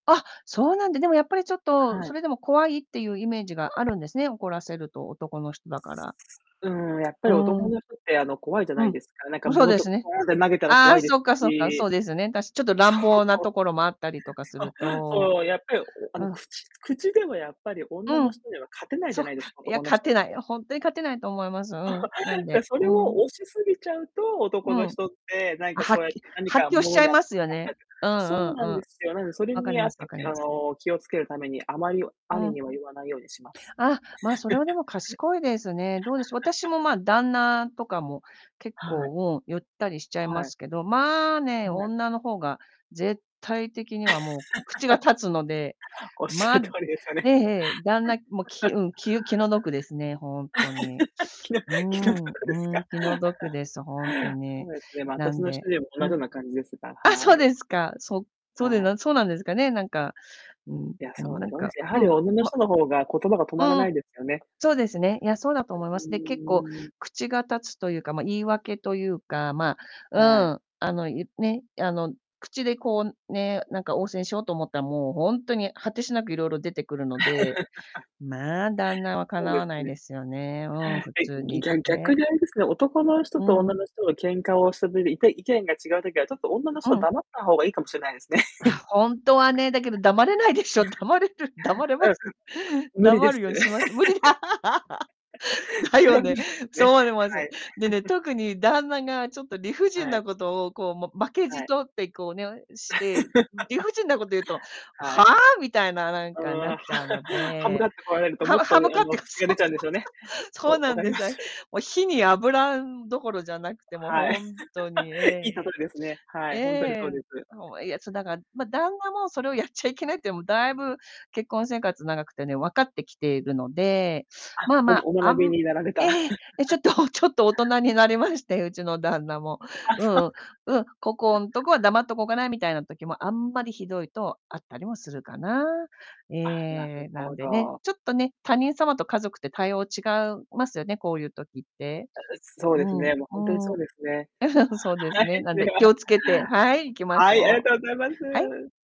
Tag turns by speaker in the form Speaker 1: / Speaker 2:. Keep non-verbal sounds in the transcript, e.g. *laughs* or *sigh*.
Speaker 1: あ、そうなんだ。でもやっぱりちょっと、
Speaker 2: はい。
Speaker 1: それでも怖いっていうイメージがあるんですね、怒らせると、男の人だから。
Speaker 2: うーん、やっぱ
Speaker 1: う
Speaker 2: り
Speaker 1: ー
Speaker 2: 男
Speaker 1: ん。
Speaker 2: の人って、あの、怖いじゃ
Speaker 1: う
Speaker 2: ない
Speaker 1: ん。
Speaker 2: ですか。なんか、
Speaker 1: も、そう
Speaker 2: 物
Speaker 1: で
Speaker 2: と
Speaker 1: す
Speaker 2: か
Speaker 1: ね。
Speaker 2: ポーンって投げたら
Speaker 1: あ
Speaker 2: 怖
Speaker 1: あ、
Speaker 2: いです
Speaker 1: そっかそっか、そ
Speaker 2: し。
Speaker 1: うですね。だし、ちょっと乱暴な
Speaker 2: そう。
Speaker 1: ところもあったりとかす
Speaker 2: あ、
Speaker 1: ると
Speaker 2: そう。やっぱり、おあ
Speaker 1: う
Speaker 2: の、
Speaker 1: ん。
Speaker 2: 口口ではやっぱり女
Speaker 1: う
Speaker 2: の
Speaker 1: ん。
Speaker 2: 人には勝てないじ
Speaker 1: そ
Speaker 2: ゃ
Speaker 1: っ
Speaker 2: ないです
Speaker 1: か。
Speaker 2: か、
Speaker 1: いや、
Speaker 2: 男の
Speaker 1: 勝
Speaker 2: 人っ
Speaker 1: てない、
Speaker 2: て。
Speaker 1: ほんとに勝てないと思います、うん。なん
Speaker 2: *chuckles* で、
Speaker 1: で
Speaker 2: それ
Speaker 1: う
Speaker 2: を
Speaker 1: ん。
Speaker 2: 押しすぎちゃうと、
Speaker 1: う
Speaker 2: 男の
Speaker 1: ん。
Speaker 2: 人って、なん
Speaker 1: あ、
Speaker 2: か、
Speaker 1: は
Speaker 2: そう
Speaker 1: っ
Speaker 2: やっ
Speaker 1: き
Speaker 2: て何
Speaker 1: 発
Speaker 2: か
Speaker 1: 狂しち
Speaker 2: 物
Speaker 1: ゃ
Speaker 2: に
Speaker 1: い
Speaker 2: あ
Speaker 1: ますよ
Speaker 2: 当たった
Speaker 1: ね。
Speaker 2: りとか。
Speaker 1: うんう
Speaker 2: そうなん
Speaker 1: んう
Speaker 2: で
Speaker 1: ん。
Speaker 2: すよ。なんでそれ
Speaker 1: わかり
Speaker 2: にあっ
Speaker 1: ます
Speaker 2: て、
Speaker 1: わかり
Speaker 2: きあ
Speaker 1: ます。
Speaker 2: の、気をつけるために、あまり
Speaker 1: う
Speaker 2: 兄
Speaker 1: ん。
Speaker 2: には言わないようにします。
Speaker 1: ああ、ま、それはでも
Speaker 2: *chuckles*
Speaker 1: 賢いですね。どうでしょう、私
Speaker 2: *chuckles*
Speaker 1: も、ま、旦那とかも、結
Speaker 2: はい。
Speaker 1: 構、うん、いったりしちゃいま
Speaker 2: はい。
Speaker 1: すけど、ま、ね、
Speaker 2: はい。
Speaker 1: 女の方が、絶対的にはもう口が
Speaker 2: *laughs*
Speaker 1: 立つので、
Speaker 2: おっしゃ
Speaker 1: ま、
Speaker 2: る通りですよ
Speaker 1: え
Speaker 2: ね。
Speaker 1: えええ、旦那もき
Speaker 2: *chuckles*
Speaker 1: うん、気気の毒ですね、本当に。
Speaker 2: *laughs* 気の
Speaker 1: う
Speaker 2: 気の
Speaker 1: ん
Speaker 2: 毒です
Speaker 1: うん、
Speaker 2: か？
Speaker 1: 気の毒です、本当
Speaker 2: *chuckles* そ
Speaker 1: に。
Speaker 2: うですね、ま、
Speaker 1: な
Speaker 2: 私
Speaker 1: ん
Speaker 2: の主
Speaker 1: で、
Speaker 2: 人も同
Speaker 1: う
Speaker 2: じ
Speaker 1: ん。
Speaker 2: ような感じですが、は
Speaker 1: あ、そう
Speaker 2: い。
Speaker 1: ですか。そそうで
Speaker 2: はい。
Speaker 1: なそうなんですかね、なんか、うーん、う
Speaker 2: いや、
Speaker 1: ー
Speaker 2: そ
Speaker 1: ん、
Speaker 2: うで
Speaker 1: なん
Speaker 2: すね。おんな
Speaker 1: か、
Speaker 2: じ。やは
Speaker 1: う
Speaker 2: り
Speaker 1: ん、
Speaker 2: 女の
Speaker 1: ま
Speaker 2: 人の方が言葉が止まら
Speaker 1: う
Speaker 2: な
Speaker 1: ん。
Speaker 2: いですよね。
Speaker 1: そうですね、いや、そうだと思います。で、結構
Speaker 2: *unintelligible*
Speaker 1: 口が立つというか、ま、言い訳というか、ま
Speaker 2: は
Speaker 1: あ、
Speaker 2: い。
Speaker 1: うーん、あの、ゆね、あの、口でこうね、なんか、応戦しようと思ったら、もうほんとに果てしなくいろいろ出てくるので、
Speaker 2: *laughs*
Speaker 1: ま、旦那は敵
Speaker 2: そうで
Speaker 1: わな
Speaker 2: す
Speaker 1: い
Speaker 2: ね。
Speaker 1: ですよね、うーん、普
Speaker 2: はい、
Speaker 1: 通
Speaker 2: ぎ
Speaker 1: に
Speaker 2: ぎゃん
Speaker 1: 言っ
Speaker 2: 逆
Speaker 1: て。
Speaker 2: にあれですね、男の人
Speaker 1: う
Speaker 2: と
Speaker 1: ー
Speaker 2: 女
Speaker 1: ん。
Speaker 2: の人が喧嘩をしたてて、いて意見が違う時は、ちょっと女の
Speaker 1: う
Speaker 2: 人は
Speaker 1: ん。
Speaker 2: 黙った方がいいかもしれないですね。
Speaker 1: あ、ほんとはね。だけど黙れないでしょ？黙れる？黙れます？
Speaker 2: *chuckles* うん、ん、無理で
Speaker 1: 黙
Speaker 2: す。
Speaker 1: るようにします。無理だ。
Speaker 2: *laughs*
Speaker 1: *laughs* だ
Speaker 2: それ
Speaker 1: よ
Speaker 2: は無
Speaker 1: ね。
Speaker 2: 理です
Speaker 1: そう
Speaker 2: ね。
Speaker 1: 思いま
Speaker 2: は
Speaker 1: す。
Speaker 2: い。
Speaker 1: でね、
Speaker 2: *chuckles*
Speaker 1: 特に旦那がちょっと理不尽
Speaker 2: はい。
Speaker 1: なことを、こう、も、負けじ
Speaker 2: はい。
Speaker 1: とって、こうね、ん、して、理
Speaker 2: *laughs*
Speaker 1: 不尽なこと言うと、
Speaker 2: は
Speaker 1: はあ？
Speaker 2: い。
Speaker 1: みたいな、なん
Speaker 2: うー
Speaker 1: か、
Speaker 2: ん、
Speaker 1: なっ
Speaker 2: は
Speaker 1: ちゃうの
Speaker 2: 歯向か
Speaker 1: で。
Speaker 2: ってこられると、もっ
Speaker 1: 歯
Speaker 2: と、
Speaker 1: 歯向
Speaker 2: いあ
Speaker 1: かって
Speaker 2: の、
Speaker 1: か、
Speaker 2: 口
Speaker 1: そ
Speaker 2: が出
Speaker 1: うそ
Speaker 2: ちゃうんです
Speaker 1: う
Speaker 2: よね。
Speaker 1: そう、そう
Speaker 2: わ
Speaker 1: な
Speaker 2: 分
Speaker 1: ん
Speaker 2: かり
Speaker 1: で
Speaker 2: ま
Speaker 1: すね。
Speaker 2: す。
Speaker 1: もう火に油どころじゃなくて、も、
Speaker 2: は
Speaker 1: ほ
Speaker 2: い。
Speaker 1: んとに、
Speaker 2: *laughs* い
Speaker 1: え
Speaker 2: い例えですね、は
Speaker 1: え。え
Speaker 2: い、ほんとにそう
Speaker 1: え。
Speaker 2: です。
Speaker 1: ほんは、いや、そ、だから、ま、旦那もそれをやっちゃいけないっていうのもだいぶ、結婚生活長くてね、分かってきているので、ま
Speaker 2: あ、
Speaker 1: あ
Speaker 2: お
Speaker 1: まあ、
Speaker 2: お
Speaker 1: あ
Speaker 2: 学び
Speaker 1: ん
Speaker 2: になられた。
Speaker 1: ええ、え、ちょっと
Speaker 2: *chuckles*
Speaker 1: *chuckles* ちょっと大人になりまして、うちの旦那も。
Speaker 2: あ、そ
Speaker 1: うん
Speaker 2: う
Speaker 1: う
Speaker 2: か。
Speaker 1: ん、うん、こ
Speaker 2: *chuckles*
Speaker 1: こ
Speaker 2: あ。
Speaker 1: んとこは黙っておこうかなみたいな時も、あんまりひどいとあったりもするかな。え
Speaker 2: あ、な
Speaker 1: え。
Speaker 2: る
Speaker 1: な
Speaker 2: ほ
Speaker 1: んでね、
Speaker 2: ど。
Speaker 1: ちょっとね、他人様と家族って対応違うますよね、こういう時って。
Speaker 2: あ、う、そう
Speaker 1: う
Speaker 2: です
Speaker 1: ーん、
Speaker 2: ね、もうほんとにそ
Speaker 1: うー
Speaker 2: う
Speaker 1: ん。
Speaker 2: ですね。
Speaker 1: *chuckles* うん、そうです
Speaker 2: は
Speaker 1: ね。
Speaker 2: い、
Speaker 1: なん
Speaker 2: で
Speaker 1: で、気
Speaker 2: は。
Speaker 1: を付けて、はい、行きまし
Speaker 2: はい、あり
Speaker 1: ょう。
Speaker 2: がとうございま
Speaker 1: はい。
Speaker 2: す。